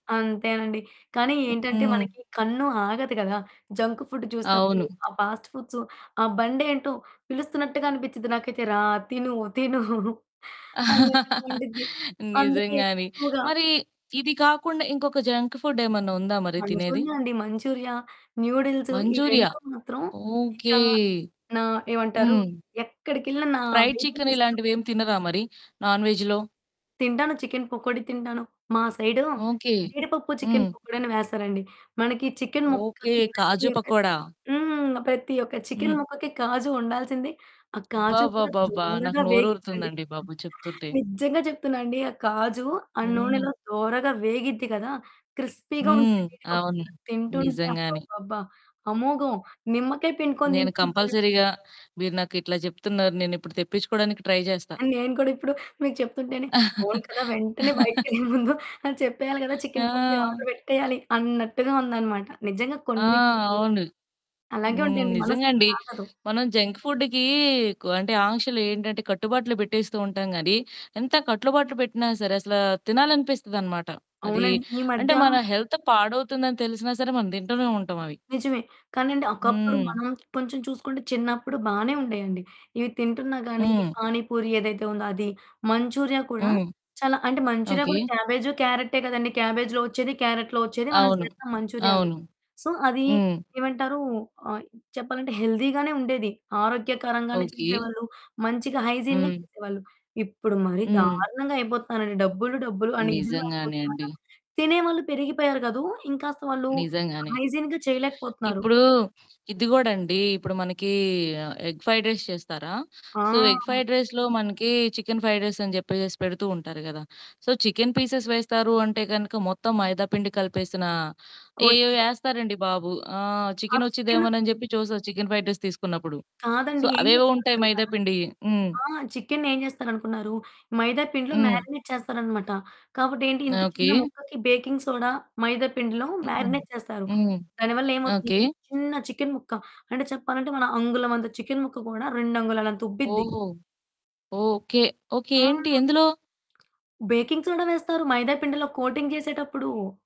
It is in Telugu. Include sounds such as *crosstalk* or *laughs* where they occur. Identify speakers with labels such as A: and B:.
A: అంతేనండి. కానీ
B: హు.
A: ఏంటంటే
B: హ్మ్.
A: మనకి కన్ను ఆగదు కదా! జంక్ ఫుడ్ చూసినప్పుడు
B: అవును.
A: ఆ! ఫాస్ట్ ఫుడ్సు ఆ! బండేంటో పిలుస్తున్నట్టుగా అనిపిచ్చిద్ధి నాకైతే రా తిను తిను అన్నట్టుగా
B: *laughs*
A: ఉండిద్ది అందుకే
B: నిజంగానే
A: ఎక్కువగా
B: మరి ఇది కాకుండా ఇంకొక జంక్ ఫుడ్ ఏమన్నా ఉందా మరి తినేది?
A: మంచూరియా అండి. Manchuria, noodles. ఈ
B: మంచూరియా
A: 2 మాత్రం ఇక
B: ఓకే.
A: నా ఏమంటారు?
B: హ్మ్.
A: ఎక్కడికెళ్ళిన నా
B: ఫ్రైడ్
A: వెయిటింగ్
B: చికెన్
A: లిస్ట్‌లో
B: ఇలాంటివేం తినరా మరి నాన్ వేజ్‌లో?
A: తింటాను చికెన్ పకోడీ తింటాను. మా సైడు
B: ఓకే.
A: జీడిపప్పు చికెన్
B: హ్మ్.
A: పకోడి అని వేస్తారండి, మనకి చికెన్
B: ఓకే.
A: ముక్కకి ప్రతి
B: కాజు
A: ఒక్క
B: పకోడా.
A: హ్మ్. ప్రతి ఒక్క
B: హ్మ్.
A: చికెన్ ముక్కకి కాజు ఉండాల్సిందే ఆ! కాజు కూడా
B: అబ్బబ్బబ్బబ్బా! నాకు
A: దోరగా వేగిద్దండి.
B: నోరూరుతుందండి
A: *unintelligible*
B: బాబు చెప్తుంటే.
A: నిజంగా చెప్తున్నానండి ఆ కాజు ఆ
B: హ్మ్.
A: నూనెలో దోరగా వేగిద్ది కదా! క్రిస్పీ‌గా
B: హ్మ్.
A: ఉంటుంది జీడిపప్పు
B: అవును.
A: కూడా తింటుంటే
B: నిజంగానే.
A: అబ్బబ్బబ్బా! అమోఘం. నిమ్మకాయ పిండుకొని
B: నేను
A: తింటుంటే
B: కంపల్సరీగా మీరు నాకు ఇట్లా చెప్తున్నారు నేను ఇప్పుడు తెప్పిచ్చుకోడానికి ట్రై జేస్తా.
A: ఆ! నేను కూడా ఇప్పుడు మీకు చెప్తుంటేనే అవును కదా! వెంటనే
B: *laughs*
A: బయటకేళ్ళే ముందు అని చెప్పేయాలి కదా! చికెన్ పకోడి
B: ఆ!
A: ఆర్డర్ పెట్టేయాలి అన్నట్టుగా ఉందన్నమాట. నిజంగా
B: ఆ!
A: కొన్ని కొన్ని
B: అవును.
A: అలాగే
B: హ్మ్.
A: ఉంటాయాండి
B: నిజంగాండి
A: మనసాగదు.
B: మనం జంక్ ఫుడ్‌కి కొ అంటే ఆంక్షలు ఏంటంటే కట్టుబాట్లు పెట్టేస్తూ ఉంటాం గానీ, ఎంత కట్లుబాట్లు పెట్టినా సరే అసలా తినాలనిపిస్తుందనమాట అది
A: అవునండి. ఈ
B: అంటే
A: మధ్య
B: మన హెల్త్ పాడవుతుందని తెలిసినా సరే మనం తింటూనే ఉంటాం అవి.
A: నిజమే. కానీ అండి ఒకప్పుడు
B: హ్మ్.
A: మనం కొంచెం చూసుకుంటే చిన్నప్పుడు బానే ఉండేయండి. ఇవి తింటున్నా గాని
B: హ్మ్.
A: పానిపూరి ఏదైతే ఉందో అది, మంచూరియా కూడా
B: హ్మ్.
A: చాలా అంటే మంచూరియా
B: ఓకే.
A: కూడా క్యాబేజ్ క్యారటే కదండీ క్యాబేజ్‌లో వచ్చేది క్యారట్లో వచ్చేది మనం
B: అవును.
A: చేస్తాం మంచురియా.
B: అవును.
A: సో అది
B: హ్మ్.
A: ఏమంటారు? ఆ! చెప్పాలంటే హెల్దీ‌గానే ఉండేది. ఆరోగ్యకరంగానే
B: ఓకే.
A: చేసేవాళ్ళు మంచిగా హైజీన్‌గా
B: హ్మ్.
A: చేసేవాళ్ళు. ఇప్పుడు మరి
B: హ్మ్.
A: దారుణంగా అయిపోతున్నారండి డబ్బులు, డబ్బులు, అని ఇదిగా
B: నిజంగానే
A: అయిపోతున్నారు.
B: అండి.
A: తినేవాళ్ళు పెరిగిపోయారు కాదు, ఇంకాస్త వాళ్ళు
B: నిజంగానే.
A: హైజీన్‌గా చేయలేకపోతున్నారు.
B: ఇప్పుడు ఇది గూడండి. ఇప్పుడు మనకి ఆహ్, ఎగ్ ఫ్రైడ్ రైస్ చేస్తారా? సో ఎగ్
A: ఆ!
B: ఫ్రైడ్ రైస్‌లో మనకి చికెన్ ఫ్రైడ్ రైస్ అని చెప్పేసేసి పెడుతూ ఉంటారు గదా! సో చికెన్ పీసెస్ వేస్తారు అంటే గనగ మొత్తం మైదా పిండి కలిపేసిన ఏయేయో
A: కోటింగ్‌లో.
B: ఎస్తారండి బాబు. ఆహ్,
A: ఆ
B: చికెన్
A: చికెను
B: వచ్చిదేమోనని చెప్పి చూస్తారు చికెన్ ఫ్రైడ్ రైస్ తీసుకున్నప్పుడు సో
A: కాదండి. ఏం
B: అవేవో
A: చేస్తారో
B: ఉంటాయి
A: తెలుసా?
B: మైదా పిండియి హ్మ్.
A: ఆ! చికెనేం చేస్తారు అనుకున్నారు మైదా పిండిలో
B: హ్మ్.
A: మారినేట్ చేస్తారన్నమాట. కాబట్టి ఏంటి ఇంత చిన్న
B: ఓకే.
A: ముక్కకి బేకింగ్ సోడా మైదా పిండిలో
B: హూహూ.
A: మారినేట్ చేస్తారు.
B: హ్మ్.
A: దాని వల్ల ఏమవుతుంది
B: ఓకే.
A: అంటే చిన్న చికెన్ ముక్క అంటే చెప్పాలంటే మన అంగుళం అంత చికెన్ ముక్క కూడా 2 అంగుళాల అంత ఉబ్బిద్ది.
B: ఓహో! ఓకే. ఓకే.
A: ఆ!
B: ఏంటి ఎందులో?
A: బేకింగ్ సోడా వేస్తారు మైదా పిండిలో కోటింగ్ చేసేటప్పుడు.